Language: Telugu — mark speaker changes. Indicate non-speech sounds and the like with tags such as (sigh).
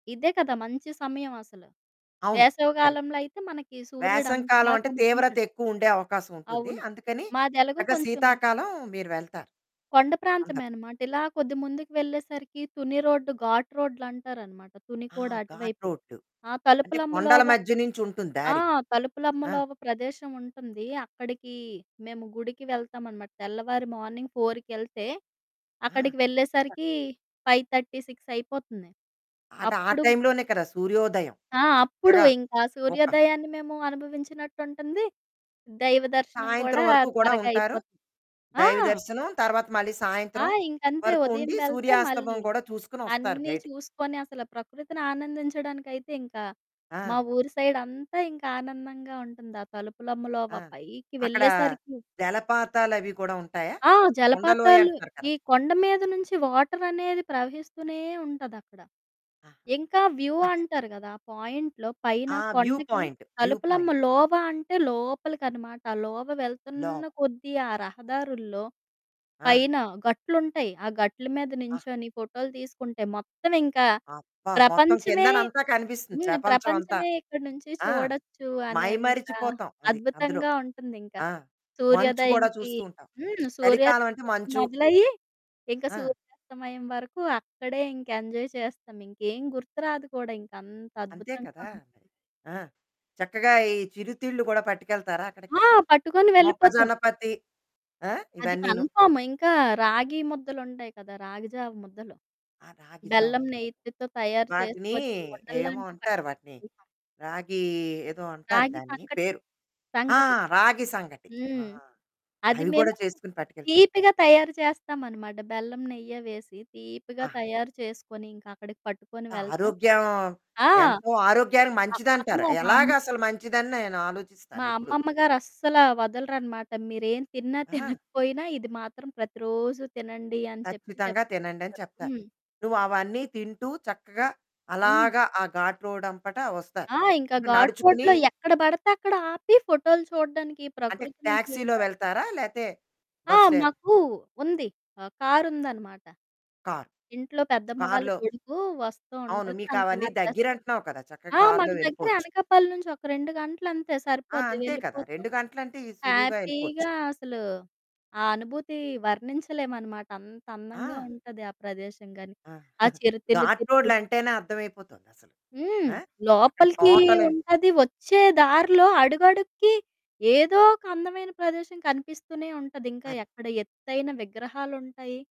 Speaker 1: ఇదే కదా! మంచి సమయవసల.
Speaker 2: అవును.
Speaker 1: వేసవి
Speaker 2: కరక్ట్.
Speaker 1: గాలంలో అయితే మనకి సూర్యుడు
Speaker 2: వేసం
Speaker 1: అంత బాగా
Speaker 2: కాలవంటే
Speaker 1: కనిపించడు.
Speaker 2: తీవ్రతెక్కువుండే అవకాశవుంటుంది.
Speaker 1: అవును.
Speaker 2: అందుకని,
Speaker 1: మాదెలగు
Speaker 2: చక్కగ
Speaker 1: కొంచుం
Speaker 2: శీతాకాలం మీరు వెళ్తారు.
Speaker 1: కొండ
Speaker 2: అందరు.
Speaker 1: ప్రాంతమే అనమాట. ఇలా కొద్ది ముందుకు వెళ్ళేసరికీ తుని రోడ్డు, ఘాట్ రోడ్లంటారనమాట. తుని
Speaker 2: ఆ!
Speaker 1: కూడా
Speaker 2: ఘాట్
Speaker 1: అటువైపు.
Speaker 2: రోడ్డు.
Speaker 1: ఆ
Speaker 2: అంటే, కొండల
Speaker 1: తలుపులమ్మలోవ
Speaker 2: మధ్య నించుంటుంది
Speaker 1: ఆ!
Speaker 2: దారి. ఆ!
Speaker 1: తలుపులమ్మలోవ ప్రదేశవుంటుంది. అక్కడికీ మేము గుడికి వెళ్తామనమాట. తెల్లవారి, మార్నింగ్ ఫోర్‌కెళ్తే,
Speaker 2: ఆ!
Speaker 1: అక్కడికి
Speaker 2: చక్
Speaker 1: వెళ్ళేసరికి 5:30, 6 అయిపోతుంది.
Speaker 2: అటు ఆ
Speaker 1: అప్పుడు
Speaker 2: టైంలోనే కదా! సూర్యోదయం.
Speaker 1: ఆ!
Speaker 2: అక్కడ
Speaker 1: అప్పుడు
Speaker 2: చక్కగా
Speaker 1: ఇంకా
Speaker 2: ఒక
Speaker 1: సూర్యోదయాన్ని మేము అనుభవించినట్టుంటుంది, దైవ దర్శనం
Speaker 2: సాయంత్రం
Speaker 1: కూడా
Speaker 2: వరకు కూడా
Speaker 1: త్వరగా
Speaker 2: ఉంటారు.
Speaker 1: అయిపోతుంది. ఆ!
Speaker 2: దైవ దర్శనం, తర్వాత మళ్ళీ
Speaker 1: ఆ!
Speaker 2: సాయంత్రం
Speaker 1: ఇంకంతే.
Speaker 2: వరకు
Speaker 1: ఉదయం
Speaker 2: ఉండి
Speaker 1: వెళ్తే
Speaker 2: సూర్యాస్తమం
Speaker 1: మళ్ళీ
Speaker 2: గూడా చూసుకొనొస్తారు
Speaker 1: అన్నీ
Speaker 2: బయటికి.
Speaker 1: చూసుకొని, అసల ప్రకృతిని ఆనందించడానికైతే ఇంక మా
Speaker 2: ఆ!
Speaker 1: ఊరి సైడంతా ఇంకానందంగా ఉంటుంది, ఆ
Speaker 2: ఆ!
Speaker 1: తలుపులమ్మలోవ పైకి
Speaker 2: అక్కడా
Speaker 1: వెళ్ళేసరికి.
Speaker 2: జలపాతాలవి కూడా ఉంటాయా?
Speaker 1: ఆ! జలపాతాలు.
Speaker 2: కుండలోయంటారు
Speaker 1: ఈ
Speaker 2: కదా!
Speaker 1: కొండ మీద నుంచి వాటరనేది ప్రవహిస్తూనే ఉంటదక్కడ.
Speaker 2: ఆహా!
Speaker 1: ఇంకా వ్యూ అంటారు గదా! ఆ పాయింట్‌లో పైన
Speaker 2: ఆ! వ్యూ
Speaker 1: కొండకి
Speaker 2: పాయింట్. View point.
Speaker 1: తలుపులమ్మలోవ అంటే లోపలికనమాట. లోవ వెళ్తన్న
Speaker 2: లోవ్
Speaker 1: కొద్దీ ఆ రహదారుల్లో
Speaker 2: ఆ!
Speaker 1: పైన గట్లుంటయి. ఆ గట్లు మీద
Speaker 2: ఆ!
Speaker 1: నించొని ఫోటోలు తీసుకుంటే, మొత్తవింకా
Speaker 2: అబ్బా! మొత్తం
Speaker 1: ప్రపంచమే
Speaker 2: కిందనంతా కనిపిస్తుంది,
Speaker 1: హ్మ్.
Speaker 2: ప్రపంచవంతా.
Speaker 1: ప్రపంచమే ఇక్కడి నుంచి
Speaker 2: ఆ!
Speaker 1: చూడచ్చు అనేంతా
Speaker 2: మైమరిచిపోతాం అది, అందులో.
Speaker 1: అద్భుతంగా ఉంటుందింక.
Speaker 2: ఆ! మంచు గూడా
Speaker 1: సూర్యోదయంకి
Speaker 2: చూస్తూ ఉంటాం.
Speaker 1: హ్మ్. సూర్యోదయం
Speaker 2: చలికాలవంటే మంచు.
Speaker 1: మొదలయ్యి ఇంక
Speaker 2: ఆ!
Speaker 1: సూర్యాస్తమయం వరకు అక్కడే ఇంకెంజాయ్ చేస్తామింకేం గుర్తురాదు కూడా. ఇంకంత
Speaker 2: అంతే
Speaker 1: అద్భుతంగా
Speaker 2: కదా! అది.
Speaker 1: ఉంటది.
Speaker 2: ఆ! చక్కగా ఈ చిరుతిళ్ళు గూడా పట్టికెళ్తారా అక్కడికి?
Speaker 1: ఆ! పట్టుకొని వెళ్ళిపోతాం.
Speaker 2: మొక్కజొన్నపత్తి, ఆ!
Speaker 1: అది
Speaker 2: ఇవన్నీను.
Speaker 1: కన్ఫర్మ్. ఇంకా రాగీ ముద్దలుంటాయి కదా! రాగి జావ ముద్దలు.
Speaker 2: ఆ! రాగి
Speaker 1: బెల్లం,
Speaker 2: జావుంటది.
Speaker 1: నెయ్యితితో తయారు
Speaker 2: వాటినీ
Speaker 1: చేసుకొని
Speaker 2: ఏమో
Speaker 1: ఉండల్లాంటియి
Speaker 2: అంటారు వాటిని,
Speaker 1: పట్టుకొనెళ్తాం.
Speaker 2: రాగీ ఏదో అంటారు.
Speaker 1: రాగి
Speaker 2: దాన్ని
Speaker 1: సంకటి,
Speaker 2: పేరు ఆ!
Speaker 1: సంకటి.
Speaker 2: రాగి సంగటి. ఆ!
Speaker 1: హ్మ్. అది
Speaker 2: అవి గూడా
Speaker 1: మేమూ
Speaker 2: చేసుకొని పట్టికెళ్తారు.
Speaker 1: తీపిగా తయారు చేస్తామనమాట. బెల్లం, నెయ్య వేసి తీపిగా
Speaker 2: ఆహా!
Speaker 1: తయారు చేసుకొని, ఇంకక్కడికి పట్టుకొని
Speaker 2: ఎంత
Speaker 1: వెళ్తాం.
Speaker 2: ఆరోగ్యం.
Speaker 1: ఆ!
Speaker 2: ఎంతో ఆరోగ్యానికి
Speaker 1: ఆ!
Speaker 2: మంచిదంటారు.
Speaker 1: అమ్మో! మామ్మీ
Speaker 2: ఎలాగసలు మంచిదని
Speaker 1: మా
Speaker 2: నేనాలోచిస్తానెప్పుడు.
Speaker 1: అమ్మమ్మ గారస్సలా వదలరనమాట. మీరేం, తిన్నా
Speaker 2: ఆ!
Speaker 1: తినకపోయినా ఇది మాత్రం ప్రతిరోజూ తినండి అని చెప్పి
Speaker 2: ఖచ్చితంగా
Speaker 1: చెప్తా ఉంటారు.
Speaker 2: తినండని చెప్తారు.
Speaker 1: హ్మ్.
Speaker 2: నువ్వవన్నీ తింటూ, చక్కగా
Speaker 1: హ్మ్.
Speaker 2: అలాగా ఆ ఘాటు రోడ్డంపట ఒస్తారు.
Speaker 1: ఆ! ఇంకా ఘాటు
Speaker 2: నడుచుకునీ
Speaker 1: రోడ్‌లో ఎక్కడ బడతే అక్కడాపి ఫోటోలు చూడడానికి,
Speaker 2: అంటే,
Speaker 1: ప్రకృతిని
Speaker 2: టాక్సీలో
Speaker 1: చూడడానికి
Speaker 2: వెళ్తారా? లేతే
Speaker 1: ఆ!
Speaker 2: బస్సే
Speaker 1: మాకూ ఉంది. ఆహ్, కారుందనమాట.
Speaker 2: కారు,
Speaker 1: ఇంట్లో పెద్దమ్మ వాళ్ళ
Speaker 2: కారులో
Speaker 1: కొడుకూ వస్తా
Speaker 2: అవును.
Speaker 1: ఉంటడు, తను
Speaker 2: మీకవన్నీ
Speaker 1: కారు తెస్తాడు.
Speaker 2: దగ్గిరంటన్నావు కదా! చక్కగ
Speaker 1: ఆ!
Speaker 2: కారులో
Speaker 1: మాకు దగ్గరే
Speaker 2: వెళ్ళిపోచ్చు.
Speaker 1: అనకాపల్లి నుంచి ఒక 2 గంటలంతే,
Speaker 2: ఆ!
Speaker 1: సరిపోద్ది,
Speaker 2: అంతే కదా!
Speaker 1: వెళ్ళిపోతాం.
Speaker 2: 2 గంటలంటే ఇ సులువుగా యెళ్ళిపోచ్చు.
Speaker 1: హ్యాపీగా అసలు ఆ అనుభూతి వర్ణించలేమనమాట. అంతందంగా
Speaker 2: ఆ!
Speaker 1: ఉంటది ఆ ప్రదేశం గానీ.
Speaker 2: ఆ!
Speaker 1: ఆ
Speaker 2: (giggles)
Speaker 1: చిరుతిళ్ళు
Speaker 2: ఘాటు
Speaker 1: తింటూ
Speaker 2: రోడ్లంటేనే అర్థమైపోతోందసలు.
Speaker 1: హ్మ్.
Speaker 2: ఆ! అక్కడ
Speaker 1: లోపలికీ
Speaker 2: తోటలవి
Speaker 1: ఉంటది. ఒచ్చే దారిలో అడుగడుగుకి ఏదోక అందమైన ప్రదేశం కనిపిస్తూనే ఉంటది. ఇంక
Speaker 2: అది.
Speaker 1: ఎక్కడ ఎత్తైన విగ్రహాలుంటాయి.